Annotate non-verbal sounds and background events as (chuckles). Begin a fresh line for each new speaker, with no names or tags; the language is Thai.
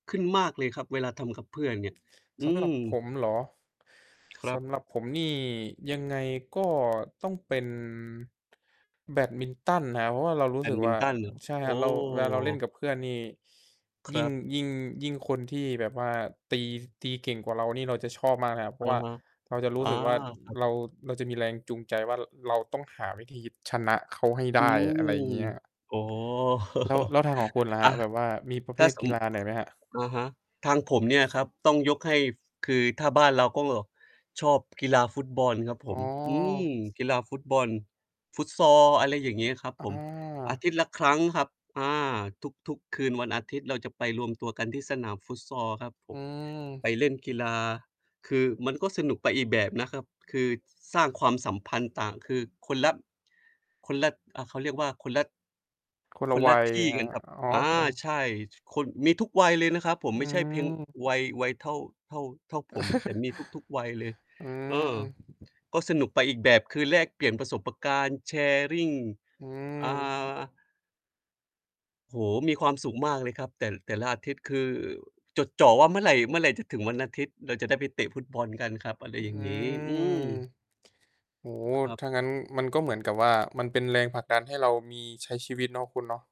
ขึ้นมากเลยครับ เวลาทำกับเพื่อนเนี่ย อื
สำหรั
ม
บผมเหรอ?
คร
ส
ับ
ำหรับผมนี่ยังไงก็ต้องเป็น แบดมินตันนะครับ เพราะว่าเรารู
แ
้
บ
สึ
ด
ก
มิ
ว่
น
า
ตันเ
อ
หรอ?
ใช่
โอ
ครับ
้
เรา เวลาเราเล่นกับเพื่อนนี่
ค
ย
ร
ิ่ง
ับ
ยิ่ง ยิ่งคนที่แบบว่าตี ตีเก่งกว่าเรานี่เราจะชอบมากเลยครับ เพร
อ
าะ
ะ
ว่า
ฮะ
เราจะร
อ
ู
๋
้
อ
สึกว่า
ครับ
เรา เราจะมีแรงจูงใจว่าเราต้องหาวิธีชนะเค้าให้ไ
อ
ด
ื
้ อ
ม
ะไรอย่างเงี้ย
อ๋อ
แล้ว
(laughs)
แล้วทางของคุณล่ะ
อ
คร
า
ับ แบบว่ามีประ
ถ
เภ
้า
ท
ส
กี
ม
ฬาไหนไหมครับ?
อะฮะ ทางผมเนี่ยครับ ต้องยกให้ ฝ คือถ้าบ้านเราก็ชอบกีฬาฟุตบอลครับผ
อ๋อ
ม อืม กีฬาฟุตบอล Futsal อะไรอย่างงี้ครับผ
อ
ม อา
า
ทิตย์ละครั้งครับ อ่า ทุก ๆ คืนวันอาทิตย์เราจะไปรวมตัวกันที่สนาม Futsal ครับผ
อื
ม ไป
ม
เล่นกีฬา คือมันก็สนุกไปอีกแบบนะครับ คือ ส สร้างความสัมพันธ์ต่าง คือคนละ คนละ อ่า เขาเรียกว่า คนละ
คนล
ค
ะ
นล
ว
ะ
ัย
ที่
คร
ก
ั
ัน
บ
ครับ
อ๋อ
อา
คน
ใช่ คน มีทุกวัยเลยนะครับผม
อื
ไม่ใช่เพียงว
ม
ัย วัยเท่า เท่า เท่าผม แต่มีทุก ๆ วัยเลย
(chuckles) อื
เอ่อ
ม
ก็สนุกไปอีกแบบ คือแลกเปลี่ยนประสบประการณ์ Sharing
อื
อ่
ม
า โอ้โฮ มีความสุขมากเลยครับ แต่ แต่ละอาทิตย์คือ จดจ่อว่าเมื่อไร เมื่อไรจะถึงวันอาทิตย์ เราจะได้ไปเตะฟุตบอลกันครับ อะไร
อื
อย่างงี้ อื
ม
ม
โอ้โฮ
ครับ
ถ้างั้นมันก็เหมือนกับว่ามันเป็นแรงผลักดันให้เรามี ใช้ชีวิตเนาะ คุณเนาะ